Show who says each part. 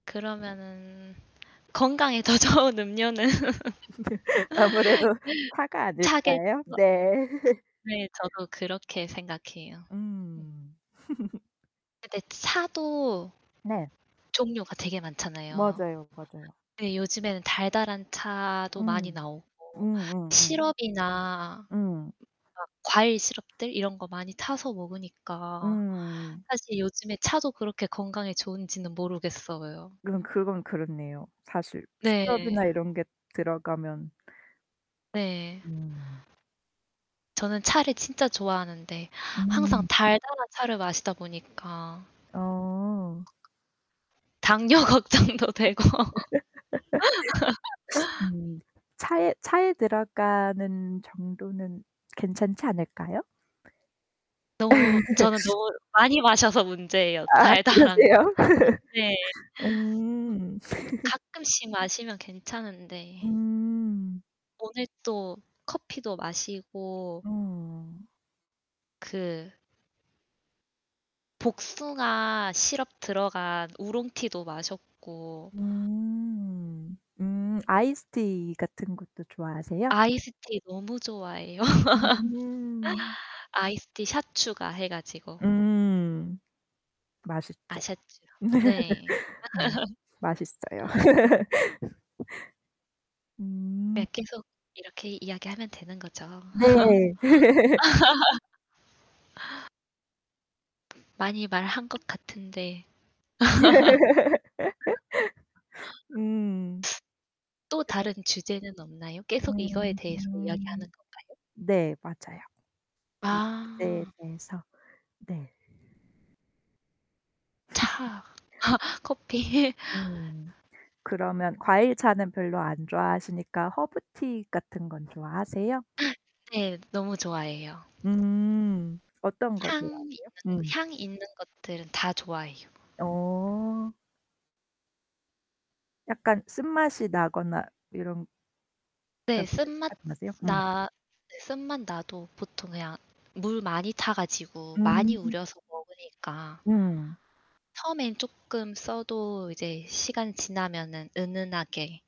Speaker 1: 그러면은 건강에 더 좋은 음료는.
Speaker 2: 아무래도 차가
Speaker 1: 차겠죠.
Speaker 2: 아닐까요?
Speaker 1: 그
Speaker 2: 네.
Speaker 1: 네, 저도 그렇게 생각해요. 음.
Speaker 2: 음.
Speaker 1: 근데 차도
Speaker 2: 네.
Speaker 1: 종류가 되게 많잖아요.
Speaker 2: 맞아요, 맞아요.
Speaker 1: 네, 요즘에는 달달한 차도 많이
Speaker 2: 음.
Speaker 1: 나오고
Speaker 2: 음음음.
Speaker 1: 시럽이나
Speaker 2: 음.
Speaker 1: 뭔가 과일 시럽들 이런 거 많이 타서 먹으니까
Speaker 2: 음.
Speaker 1: 사실 요즘에 차도 그렇게 건강에 좋은지는 모르겠어요.
Speaker 2: 그건 그건 그렇네요. 사실
Speaker 1: 네.
Speaker 2: 시럽이나 이런 게 들어가면
Speaker 1: 네.
Speaker 2: 음.
Speaker 1: 저는 차를 진짜 좋아하는데 항상
Speaker 2: 음.
Speaker 1: 달달한 차를 마시다 보니까
Speaker 2: 어.
Speaker 1: 당뇨 걱정도 되고.
Speaker 2: 음. 차에 차에 들어가는 정도는 괜찮지 않을까요?
Speaker 1: 너무 저는 너무 많이 마셔서 문제예요,
Speaker 2: 아
Speaker 1: 달달한 거.
Speaker 2: 그러세요?
Speaker 1: 네. 어
Speaker 2: 음.
Speaker 1: 가끔씩 마시면 괜찮은데
Speaker 2: 음.
Speaker 1: 오늘 또 커피도 마시고
Speaker 2: 음.
Speaker 1: 그 복숭아 시럽 들어간 우롱티도 마셨고
Speaker 2: 음. 음. 아이스티 같은 것도 좋아하세요?
Speaker 1: 아이스티 너무 좋아해요.
Speaker 2: 음.
Speaker 1: 아이스티 샷 추가해 가지고.
Speaker 2: 음. 맛있죠.
Speaker 1: 아샷추요. 네.
Speaker 2: 음. 맛있어요. 음.
Speaker 1: 네, 계속 이렇게 이야기하면 되는 거죠.
Speaker 2: 네.
Speaker 1: 많이 말한 것 같은데.
Speaker 2: 음.
Speaker 1: 또
Speaker 2: 그런
Speaker 1: 다른 주제는 없나요? 계속 이거에 대해서
Speaker 2: 음.
Speaker 1: 이야기하는 건가요?
Speaker 2: 네, 맞아요. 이 주제에
Speaker 1: 아.
Speaker 2: 대해서 네.
Speaker 1: 차. 커피.
Speaker 2: 음. 그러면 과일차는 별로 안 좋아하시니까 허브티 같은 건 좋아하세요?
Speaker 1: 네, 너무 좋아해요.
Speaker 2: 음. 어떤 거
Speaker 1: 향
Speaker 2: 좋아하세요?
Speaker 1: 있는
Speaker 2: 음.
Speaker 1: 향이 있는 것들은 다 좋아해요.
Speaker 2: 어. 약간 쓴맛이 나거나 이런
Speaker 1: 네. 쓴맛
Speaker 2: [unintelligible] 나세요? 음.
Speaker 1: 나 네 쓴맛 나도 보통 그냥 물 많이 타 가지고 많이
Speaker 2: 음.
Speaker 1: 우려서 먹으니까.
Speaker 2: 음.
Speaker 1: 처음엔 쪼끔 써도 이제 시간 지나면은 은은하게